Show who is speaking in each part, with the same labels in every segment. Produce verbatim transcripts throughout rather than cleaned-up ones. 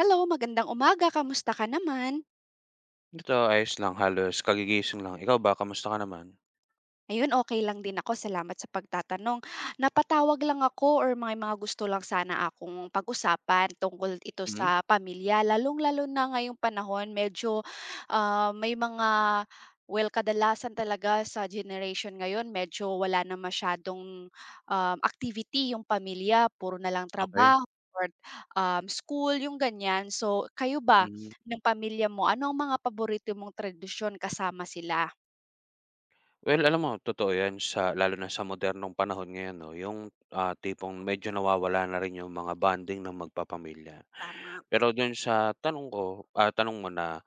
Speaker 1: Hello, magandang umaga. Kamusta ka naman?
Speaker 2: Ito ayos lang, halos kagigising lang. Ikaw ba, kamusta ka naman?
Speaker 1: Ayun, okey lang din ako, salamat sa pagtatanong. Napatawag lang ako or may mga gusto lang sana akong pag-usapan, tungkol ito
Speaker 2: Hmm.
Speaker 1: sa pamilya, lalong-lalo na ngayong panahon medyo, ah, may mga well, kadalasan talaga sa generation ngayon medyo wala na masyadong, um, activity yung pamilya. Puro nalang
Speaker 2: Okey.
Speaker 1: trabaho or, um, school, yung ganyan. So kayo ba,
Speaker 2: Hmm.
Speaker 1: ng pamilya mo, ano ang mga paborito mong tradisyon kasama sila?
Speaker 2: Well alam mo, totoo yan. Sa lalo na sa modernong panahon ngayon 'no. Yung, ah, tipong medyo nawawala na rin yung mga bonding ng magpapamilya.
Speaker 1: Tama.
Speaker 2: Pero dun sa tanong ko, ah, tanong mo na,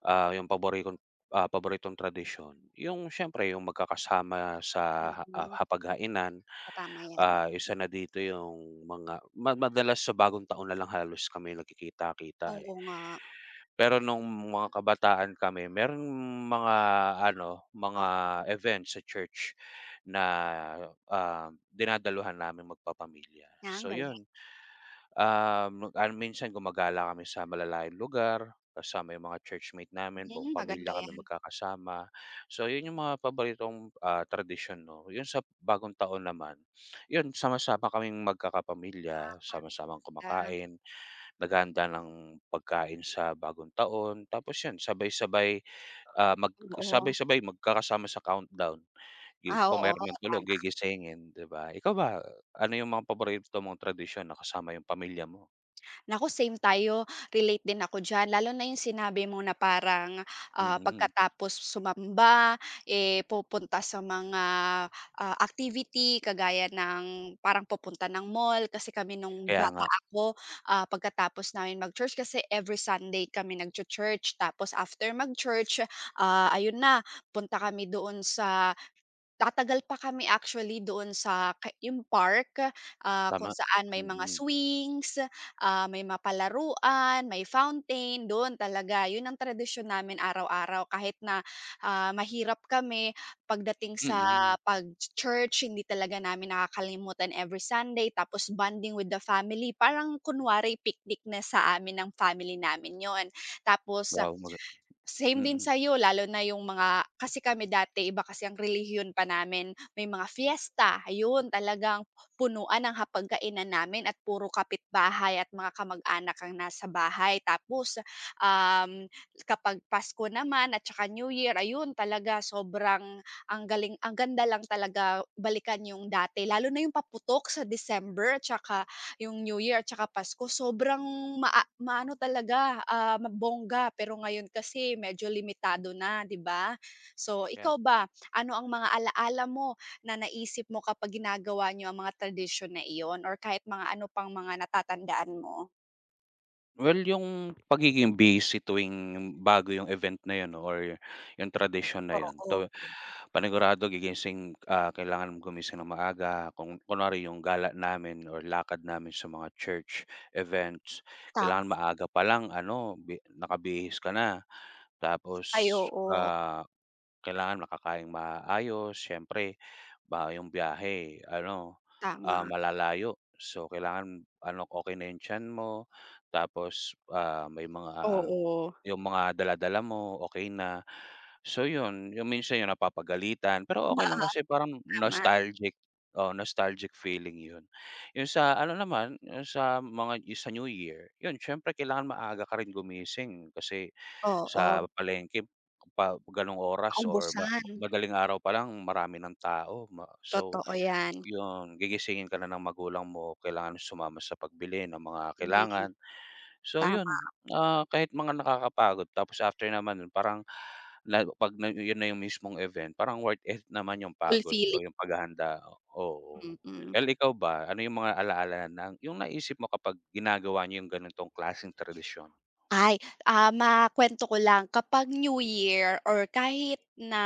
Speaker 2: ah, yung paborikong, ah, paboritong tradisyon, yung siyempre yung magkakasama sa ha ah,
Speaker 1: Mm.
Speaker 2: hapaghainan.
Speaker 1: Oh, tama yan.
Speaker 2: Ah, isa na dito yung mga ma madalas sa Bagong Taon nalang halos kami nagkikita-kita, eh.
Speaker 1: Oo nga.
Speaker 2: Pero nung mga kabataan kami, merong mga ano, mga
Speaker 1: Oo.
Speaker 2: event sa church na, um, dinadaluhan naming magpapamilya,
Speaker 1: Ah, ang
Speaker 2: so
Speaker 1: galing.
Speaker 2: yun. Um, mag ano minsan gumagala kami sa malalayong lugar, kasama yung mga churchmate namin. Buong
Speaker 1: Hmm, maganda
Speaker 2: pamilya kami
Speaker 1: yan.
Speaker 2: magkakasama. So yun yung mga paboritong, ah, tradisyon 'no. 'Yung sa Bagong Taon naman, yun sama-sama kaming magkakapamilya, sama-samang
Speaker 1: [unintelligible]
Speaker 2: kumakain, naghahanda ng pagkain sa Bagong Taon. Tapos yun sabay-sabay, ah, mag
Speaker 1: Oo.
Speaker 2: sabay-sabay magkakasama sa countdown, 'yun,
Speaker 1: Ah,
Speaker 2: kung
Speaker 1: oo,
Speaker 2: meron man tulog
Speaker 1: tama.
Speaker 2: gigisingin, 'di ba? Ikaw ba, ano yung mga paborito mong tradisyon na kasama yung pamilya mo?
Speaker 1: Naku same tayo, relate din ako diyan lalo na yung sinabi mo na parang, ah,
Speaker 2: Mm.
Speaker 1: pagkatapos sumamba, eh, pupunta sa mga, ah, activity kagaya ng parang pupunta ng mall. Kasi kami nung
Speaker 2: Kaya
Speaker 1: bata
Speaker 2: nga.
Speaker 1: ako, ah, pagkatapos naming mag-church, kasi every Sunday kami nagchu-church tapos after mag-church, ah, ayun na punta kami doon sa tatagal pa kami actually doon sa ka yung park, ah, kung
Speaker 2: Tama,
Speaker 1: saan may mga
Speaker 2: mm.
Speaker 1: swings, ah, may mga palaruan, may fountain. Dun talaga, yun ang tradisyon namin araw-araw. Kahit na, ah, mahirap kami pagdating sa
Speaker 2: Mm.
Speaker 1: pag-church hindi talaga namin nakakalimutan every Sunday. Tapos bonding with the family parang kunwari picnic na sa amin ng family namin yun. Tapos, same din
Speaker 2: Mm.
Speaker 1: sa'yo lalo na yung mga kasi kami dati iba kasi ang relihiyon pa namin, may mga fiesta ayun talagang punuan ng hapagkainan namin at puro kapitbahay at mga kamag-anak ang nasa bahay. Tapos, um, kapag Pasko naman at saka New Year, ayun talaga sobrang ang galing ang ganda lang talaga balikan yung dati lalo na yung paputok sa December tsaka yung New Year at saka Pasko sobrang maa maano talaga, ah, mabongga, pero ngayon kasi medyo limitado na, di ba? So,
Speaker 2: Kaya nga.
Speaker 1: ikaw ba ano ang mga alala mo na naisip mo kapag ginagawa niyo ang mga tradisyon na iyon or kahit mga ano pang mga natatandaan mo?
Speaker 2: Well, 'yung pagiging busy tuwing, bago 'yung event na 'yun or 'yung tradisyon na 'yun,
Speaker 1: Oo.
Speaker 2: 'to panigurado gigising, ah, kailangan gumising nang maaga, kung kunwari 'yung gala namin or lakad namin sa mga church events, kailangan
Speaker 1: Tama.
Speaker 2: maaga pa lang ano bi nakabihis ka na.
Speaker 1: Ay
Speaker 2: Tapos,
Speaker 1: oo.
Speaker 2: ah, kailangan makakaing maayos siyempre, ba 'yung biyahe ano, ah,
Speaker 1: Tama.
Speaker 2: malalayo, so kailangan ano, okey na 'yung tiyan mo, tapos, ah, may mga, ah,
Speaker 1: Oo.
Speaker 2: 'yung mga dala-dala mo, okey na. So 'yun, 'yung minsan 'yung napapagalitan, pero okey
Speaker 1: Oo.
Speaker 2: lang kasi parang
Speaker 1: Tama.
Speaker 2: nostalgic, oo, nostalgic feeling 'yun. 'Yung sa ano naman, 'yung sa mga sa new year 'yun siyempre kailangan maaga ka rin gumising kasi
Speaker 1: Oo.
Speaker 2: sa palengke pa ganung oras or ma
Speaker 1: Maubusan.
Speaker 2: madaling araw pa lang marami ng tao ma So
Speaker 1: Totoo 'yan.
Speaker 2: 'yun gigisingin ka na ng magulang mo kailangan mo sumama sa pagbili ng mga
Speaker 1: Mm.
Speaker 2: kailangan. So
Speaker 1: Tama.
Speaker 2: 'yun, ah, kahit mga nakakapagod tapos after naman nun parang la 'pag 'yun na 'yung mismong event parang worth it naman 'yung pagod o
Speaker 1: Fulfilling.
Speaker 2: 'yung paghahanda, oo.
Speaker 1: Mm.
Speaker 2: El ikaw ba, ano 'yung mga ala-ala ng 'yung naisip mo kapag ginagawa niyo 'yung ganitong klaseng tradisyon?
Speaker 1: Ay, ah, makuwento ko lang kapag New Year or kahit na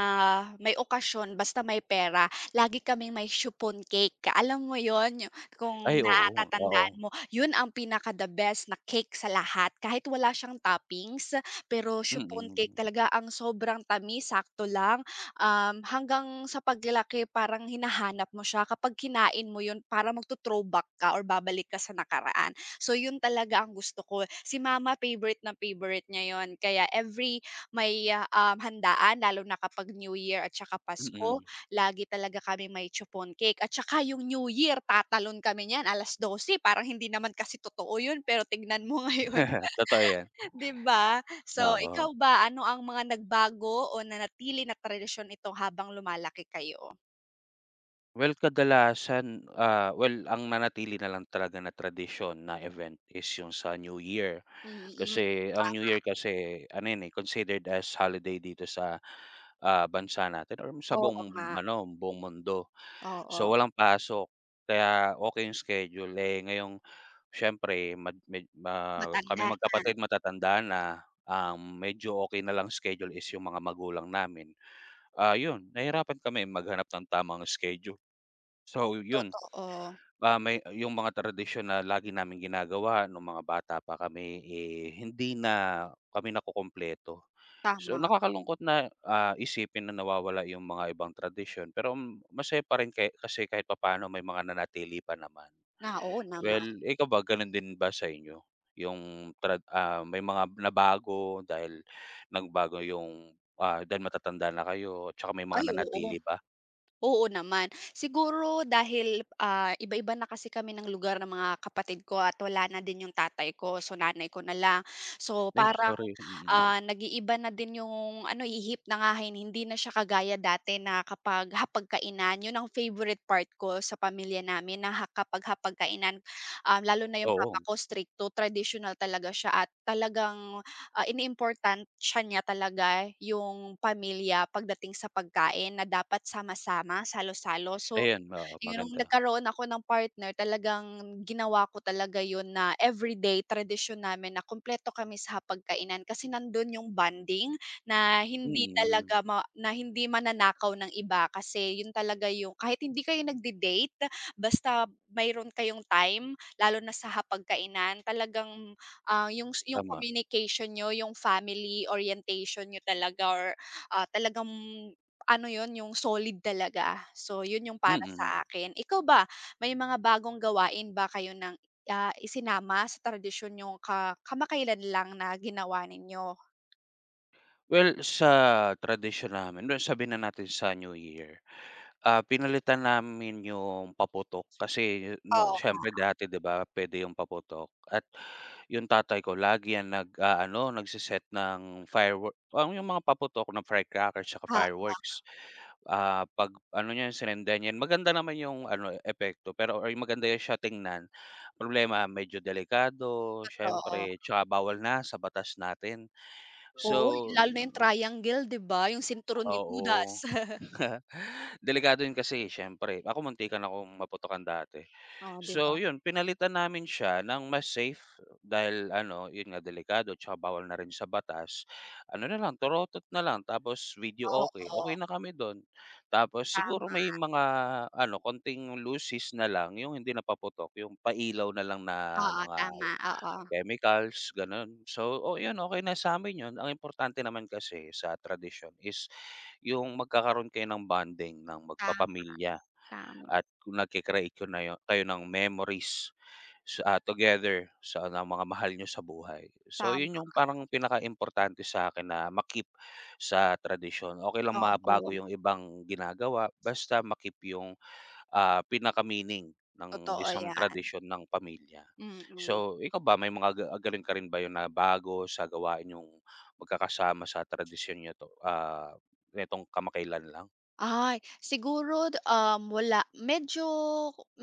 Speaker 1: may okasyon basta may pera, lagi kaming may chiffon cake. Ka alam mo 'yun, yu kung
Speaker 2: Ay oo,
Speaker 1: natatandaan
Speaker 2: oo.
Speaker 1: mo, 'yun ang pinaka the best na cake sa lahat, kahit wala siyang toppings pero chiffon cake
Speaker 2: Mm.
Speaker 1: talaga, ang sobrang tamis, sakto lang, um, hanggang sa paglaki parang hinahanap mo siya. Kapag kinain mo 'yun parang magto-throwback ka or babalik ka sa nakaraan. So 'yun talaga ang gusto ko eh. Si mama favorite na favorite niya 'yun kaya every may, um, handaan lalo na kapag New Year at saka Pasko
Speaker 2: Mm.
Speaker 1: lagi talaga kami may chiffon cake at saka 'yung New Year, tatalon kami niyan alas dose parang hindi naman kasi totoo 'yun. Pero tignan mo ngayon,
Speaker 2: Totoo 'yan.
Speaker 1: 'di ba? So
Speaker 2: Oo.
Speaker 1: ikaw ba, ano ang mga nagbago o nanatili na tradisyon ito habang lumalaki kayo?
Speaker 2: Well, kadalasan, ah, well, ang nanatili na lang talaga na tradisyon, na event, is yung sa New Year.
Speaker 1: Mm,
Speaker 2: Kasi ang New Year
Speaker 1: tama.
Speaker 2: kasi, ano 'yon, eh, considered as holiday dito sa, ah, bansa natin or sa
Speaker 1: Oo
Speaker 2: buong
Speaker 1: nga.
Speaker 2: ano, buong mundo, so
Speaker 1: Oo.
Speaker 2: walang pasok. Kaya okey yung schedule. Eh, ngayong siyempre mag may ma kaming
Speaker 1: Matanda na.
Speaker 2: magkapatid, matatanda na, um, medyo okey na lang schedule is yung mga magulang namin. Ah, yun nahirapan kami maghanap ng tamang schedule, so yun,
Speaker 1: Totoo.
Speaker 2: ah, may yung mga tradisyon na lagi naming ginagawa nung mga bata pa kami, eh, hindi na kami nakukumpleto. So,
Speaker 1: Tama.
Speaker 2: nakakalungkot na, ah, isipin na nawawala yung mga ibang tradisyon, pero masaya pa rin ke kasi kahit papa'no may mga nanatili pa naman.
Speaker 1: Na, oo naman.
Speaker 2: Well, ikaw ba ganun din ba sa inyo, yung trad ah, may mga nabago dahil nagbago yung, ah, dahil matatanda na kayo, tsaka may
Speaker 1: Ay,
Speaker 2: mga
Speaker 1: oo.
Speaker 2: nanatili ba?
Speaker 1: Oo naman. Siguro dahil, ah, iba-iba na kasi kami ng lugar ng mga kapatid ko at wala na din yung tatay ko, so nanay ko na lang. So
Speaker 2: Ay,
Speaker 1: parang,
Speaker 2: sorry, mm.
Speaker 1: ah, nag-iiba na din yung ano, ihip ng hangin. Hindi na siya kagaya dati na kapag hapag-kainan, yun ang favorite part ko sa pamilya namin na ha kapag hapag-kainan. Um, lalo na yung papa
Speaker 2: Oo.
Speaker 1: ko, strict to traditional talaga siya at talagang, ah, iniimportansiya niya talaga yung pamilya pagdating sa pagkain na dapat sama-sama, salo-salo. So,
Speaker 2: Ayan. Oo,
Speaker 1: yung
Speaker 2: maganda.
Speaker 1: nagkaroon ako ng partner, talagang ginawa ko talaga yun na everyday, tradisyon namin na kumpleto kami sa hapag-kainan. Kasi nandun yung bonding na hindi
Speaker 2: Mm.
Speaker 1: talaga ma na hindi mananakaw ng iba. Kasi yun talaga yung kahit hindi kayo nagde-date basta mayro'n kayong time lalo na sa hapag-kainan, talagang, ah, yung yung
Speaker 2: Tama.
Speaker 1: communication niyo, yung family orientation niyo talaga or, ah, talagang ano 'yon, yung solid talaga. So, yun yung para
Speaker 2: Mm.
Speaker 1: sa akin. Ikaw ba, may mga bagong gawain ba kayo ng, ah, isinama sa tradisyon niyong ka kamakailan lang na ginawa ninyo?
Speaker 2: Well, sa tradisyon namin, well sabihin na natin sa New Year. Ah, pinalitan namin yung paputok kasi, 'no,
Speaker 1: Oo
Speaker 2: siyempre
Speaker 1: nga.
Speaker 2: dati, 'di ba, puwede yung paputok at yung tatay ko lagi 'yan nag-aano, nagse-set ng firewor o yung mga paputok ng firecrackers tsaka
Speaker 1: Oo.
Speaker 2: fireworks. Ah, 'pag ano niyan, sinindihan, maganda naman yung ano eh, epekto pero or maganda 'yan siya tingnan, problema medyo delikado
Speaker 1: Totoo.
Speaker 2: siyempre tsaka bawal na sa batas natin. So
Speaker 1: Oo, lalo na yung triangle, 'di ba, yung sinturon ni
Speaker 2: Oo.
Speaker 1: Hudas.
Speaker 2: Delikado yun, kasi siyempre. Ako, muntikan akong maputukan dati.
Speaker 1: Oo, 'di ba.
Speaker 2: So, yun pinalitan namin siya ng mas safe dahil ano, yun nga, delikado tsaka bawal na rin sa batas. Ano nalang, torotot nalang, tapos
Speaker 1: Ah,
Speaker 2: videoke,
Speaker 1: oo.
Speaker 2: okey na kami dun. Tapos
Speaker 1: Tama.
Speaker 2: siguro may mga ano, konting lusis nalang, yung hindi na paputok, yung pailaw nalang na
Speaker 1: Oo,
Speaker 2: mga
Speaker 1: tama. Oo.
Speaker 2: chemicals, ganun. So, oh yun okey na sa'min yun. Ang importante naman kasi sa tradisyon is yung magkakaroon kayo ng bonding ng
Speaker 1: Tama.
Speaker 2: magpapamilya
Speaker 1: Tama.
Speaker 2: at nagke-create ko na yo kayo ng memories. So, ah, together sa na mga mahal niyo sa buhay. So,
Speaker 1: Tama
Speaker 2: yun yung
Speaker 1: ka.
Speaker 2: parang pinakaimportante sa'kin na ma-keep sa tradisyon. Okey lang
Speaker 1: Okey.
Speaker 2: mabago yung ibang ginagawa basta ma-keep yung, ah, pinaka-meaning ng
Speaker 1: Totoo
Speaker 2: isang
Speaker 1: 'yan.
Speaker 2: tradisyon ng pamilya.
Speaker 1: Mm.
Speaker 2: So, ikaw ba may mga ga galing ka rin ba yun na bago sa gawain ninyong magkakasama sa tradisyon niyo 'to, ah, netong kamakailan lang?
Speaker 1: Ay, siguro, um, wala. Medyo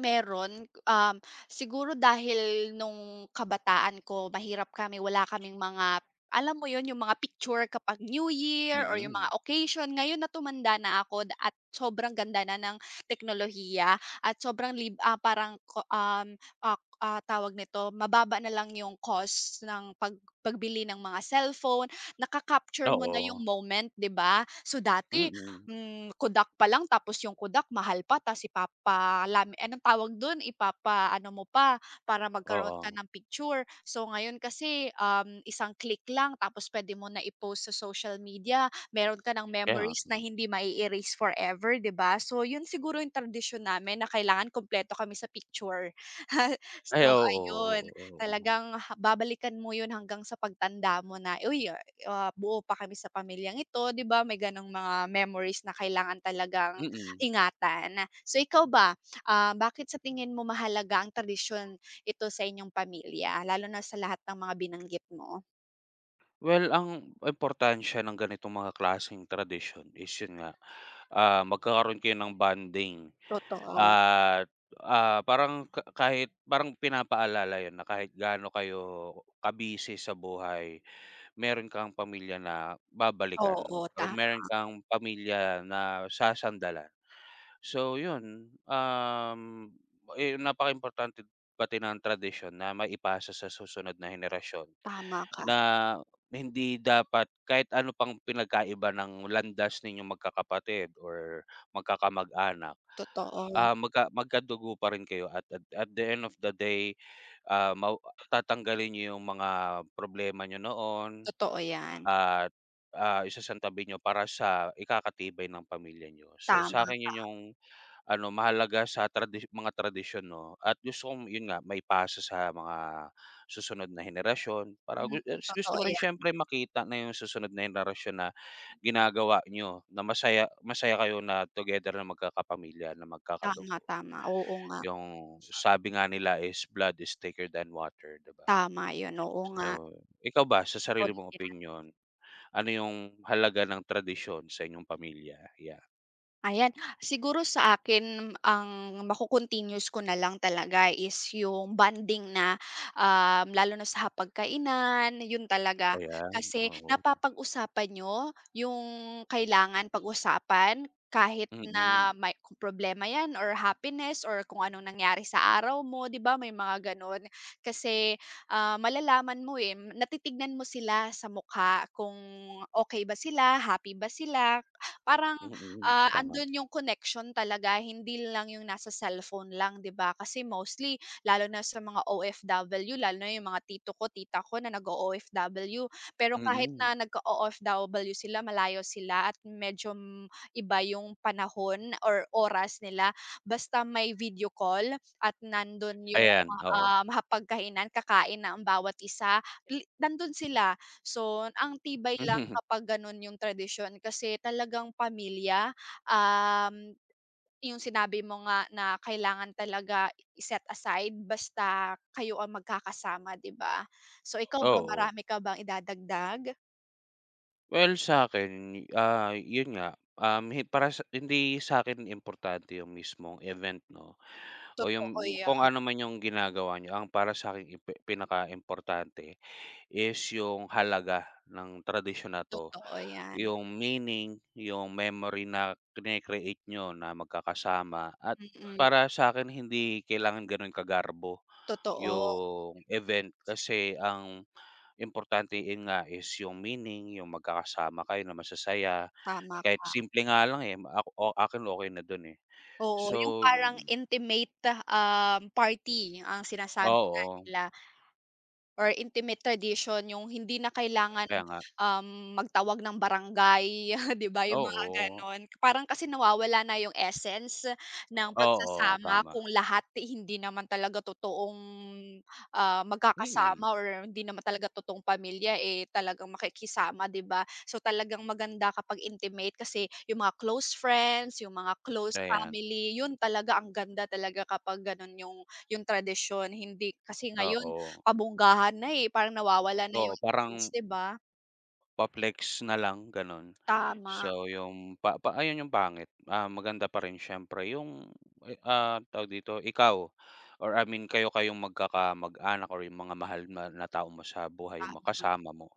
Speaker 1: meron, um, siguro dahil nung kabataan ko mahirap kami, wala kaming mga, alam mo 'yun, 'yung mga picture kapag New Year or 'yung
Speaker 2: Mm.
Speaker 1: mga occasion. Ngayon na tumanda na ako at sobrang ganda na ng teknolohiya at sobrang lib ah, parang ko, um, ak ah, tawag nito, mababa na lang 'yung cost ng pag pagbili ng mga cellphone, naka-capture mo na 'yung
Speaker 2: Oo.
Speaker 1: moment, 'di ba? So dati,
Speaker 2: Mm.
Speaker 1: hmm, Kodak pa lang tapos 'yung Kodak mahal pa, ta's ipapalami anong tawag dun? Ipapa-ano mo pa para magkaroon ka
Speaker 2: Oo.
Speaker 1: ng picture. So ngayon kasi, um, isang click lang tapos pwede mo na i-post sa social media, meron ka ng
Speaker 2: Kaya
Speaker 1: memories na
Speaker 2: nga.
Speaker 1: hindi ma-eerase forever, 'di ba? So 'yun siguro 'yung tradisyon namin na kailangan kumpleto kami sa picture.
Speaker 2: Ay
Speaker 1: So ayun.
Speaker 2: oo, oo, oo.
Speaker 1: Talagang ha babalikan mo 'yun hanggang sa pagtanda mo na. Uy, ah, buo pa kami sa pamilyang ito. 'Di ba may ganong mga memories na kailangan talagang
Speaker 2: Mm.
Speaker 1: ingatan. So ikaw ba, ah, bakit sa tingin mo mahalaga ang tradisyon ito sa inyong pamilya, lalo na sa lahat ng mga binanggit mo?
Speaker 2: Well, ang importansya ng ganitong mga klaseng tradisyon is, 'yon nga, ah, magkakaroon kayo ng bonding
Speaker 1: Totoo.
Speaker 2: at, ah, parang ka kahit parang pinapaalala 'yon na kahit gaano kayo ka-busy sa buhay mayro'n kang pamilya na babalikan
Speaker 1: Oo,
Speaker 2: or mayro'n
Speaker 1: tama.
Speaker 2: kang pamilya na sasandalan. So, 'yon, um, eh napakaimportante pati ng tradisyon na maipasa sa susunod na henerasyon
Speaker 1: Tama ka.
Speaker 2: na na hindi dapat kahit ano pang pinagkaiba ng landas ninyong magkakapatid or magkakamag-anak,
Speaker 1: Totoo.
Speaker 2: ah, magka magkadugo pa rin kayo at at at the end of the day, ah, mawa tatanggalin nyo yung mga problema nyo noon
Speaker 1: Totoo yan.
Speaker 2: at, ah, isasantabi nyo para sa ikakatibay ng pamilya nyo. So,
Speaker 1: Tama
Speaker 2: sakin, 'yon
Speaker 1: ka.
Speaker 2: yung ano, mahalaga sa tradisyo mga tradisyon, 'no, at gusto kong, 'yon nga, maipasa sa mga susunod na henerasyon para
Speaker 1: Hmm,
Speaker 2: gu gusto
Speaker 1: totoo
Speaker 2: mo rin
Speaker 1: yan.
Speaker 2: syempre makita na yung susunod na henerasyon na ginagawa nyo na masaya masaya kayo na together na magkakapakapamilya na magkakadugo
Speaker 1: Tama-tama. Oo nga.
Speaker 2: yung sabi nga nila is blood is thicker than water, di ba?
Speaker 1: Tama 'yon, oo nga.
Speaker 2: So, ikaw ba sa sarili mong
Speaker 1: [unintelligible]
Speaker 2: opinyon, ano yung halaga ng tradisyon sa inyong pamilya ya?
Speaker 1: Ayan. Siguro sa akin ang ma-ko-continuous ko na lang talaga is yung bonding na, um lalo na sa hapag-kainan, yun talaga.
Speaker 2: Ayan,
Speaker 1: Kasi
Speaker 2: oo.
Speaker 1: napapag-usapan niyo yung kailangan pag-usapan. Kahit na
Speaker 2: Mm.
Speaker 1: may kung problema yan or happiness or kung anong nangyari sa araw mo, 'di ba may mga gano'n. Kasi, ah, malalaman mo eh, natitingnan mo sila sa mukha kung okey ba sila, happy ba sila. Parang,
Speaker 2: Mm,
Speaker 1: ah,
Speaker 2: tama.
Speaker 1: andun yung connection talaga, hindi lang yung nasa cellphone lang, 'di ba. Kasi mostly lalo na sa mga OFW, lalo na yung mga tito ko, tita ko na nag-o-OFW, pero kahit
Speaker 2: Mm.
Speaker 1: na nag-o-OFW sila, malayo sila at medyo iba yung panahon or oras nila, basta may video call at nandun yung,
Speaker 2: Ayan, oo.
Speaker 1: um, hapag-kainan, kakain na ang bawat isa, li nandun sila. So ang tibay lang
Speaker 2: Mhm.
Speaker 1: kapag ganun yung tradisyon kasi talagang pamilya, um, yung sinabi mo nga na kailangan talaga i-set aside basta kayo ang magkakasama, 'di ba. So ikaw ba,
Speaker 2: Oo.
Speaker 1: marami ka bang idadagdag?
Speaker 2: Well, sa'kin, ah, yun nga, um, hi para sa hindi sa'kin importante yung mismong event 'no, o yung
Speaker 1: Totoo
Speaker 2: kung
Speaker 1: 'yan.
Speaker 2: ano man yung ginagawa niyo. Ang para sa'kin, impe pinakaimportante is yung halaga ng tradisyon na 'to,
Speaker 1: Totoo 'yan.
Speaker 2: yung meaning, yung memory na krini-create niyo na magkakasama at
Speaker 1: Mm.
Speaker 2: para sa'kin hindi kailangan ganun kagarbo
Speaker 1: Totoo.
Speaker 2: yung event. Kasi ang importante, nga is yung meaning, yung magkakasama kayo na masasaya,
Speaker 1: Tama
Speaker 2: kahit
Speaker 1: ka.
Speaker 2: simple nga lang, eh. Ako o akin, okey na dun, eh,
Speaker 1: Oo, yung
Speaker 2: so
Speaker 1: parang intimate, um, party ang sinasabi nga
Speaker 2: Oo.
Speaker 1: nila. Or intimate tradition, yung hindi na kailangan,
Speaker 2: Kaya nga.
Speaker 1: um, magtawag ng barangay. Di ba yung mga
Speaker 2: Oo.
Speaker 1: gano'n? Parang kasi nawawala na yung essence ng
Speaker 2: Oo,
Speaker 1: pagsasama
Speaker 2: tama.
Speaker 1: kung lahat hindi naman talaga totoong, ah, magkakasama
Speaker 2: Mm.
Speaker 1: or hindi naman talaga totoong pamilya, eh, talagang makikisama, di ba? So talagang maganda kapag intimate kasi yung mga close friends, yung mga close
Speaker 2: Ayan.
Speaker 1: family, yun talaga, ang ganda talaga kapag ganun yung yung tradisyon hindi kasi ngayon
Speaker 2: Oo.
Speaker 1: pabonggahan na, eh, parang nawawala na
Speaker 2: Oo,
Speaker 1: yung essence,
Speaker 2: parang
Speaker 1: di ba?
Speaker 2: Pa-flex na lang gano'n.
Speaker 1: Tama.
Speaker 2: So, yung pa pa ayun yung pangit. Ah, maganda pa rin siyempre yung, eh, ah, tawag dito, ikaw or I mean kayo kayong magkakamag-anak or yung mga mahal mo na tao mo sa buhay mo,
Speaker 1: Tama.
Speaker 2: kasama mo.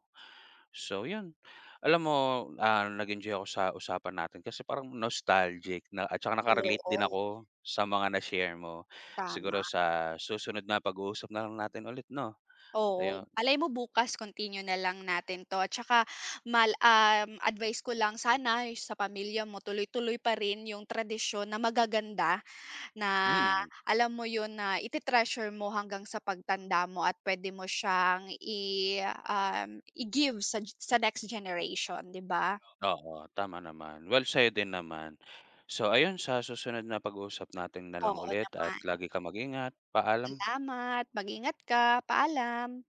Speaker 2: So yun, alam mo, ah, nag-enjoy ako sa usapan natin kasi parang nostalgic na at tsaka naka-relate din
Speaker 1: Oo.
Speaker 2: ako sa mga na-share mo. Siguro
Speaker 1: Tama.
Speaker 2: sa susunod na pag-uusap na lang natin ulit 'no,
Speaker 1: Oo,
Speaker 2: ayun.
Speaker 1: malay mo bukas continue na lang natin 'to at tsaka mal um, advice ko lang sana sa pamilya mo, tuloy tuloy pa rin yung tradisyon na magaganda, na
Speaker 2: Mm.
Speaker 1: alam mo yun, na ite-treasure mo hanggang sa pagtanda mo at puwede mo siyang i um, i-give sa sa next generation, di ba?
Speaker 2: Oo, tama naman. Well, sa'yo din naman. So ayun, sa susunod na pag-uusap natin na lang
Speaker 1: Oo
Speaker 2: ulit at
Speaker 1: naman.
Speaker 2: lagi ka mag-ingat. Paalam.
Speaker 1: Salamat. Mag-ingat ka, paalam.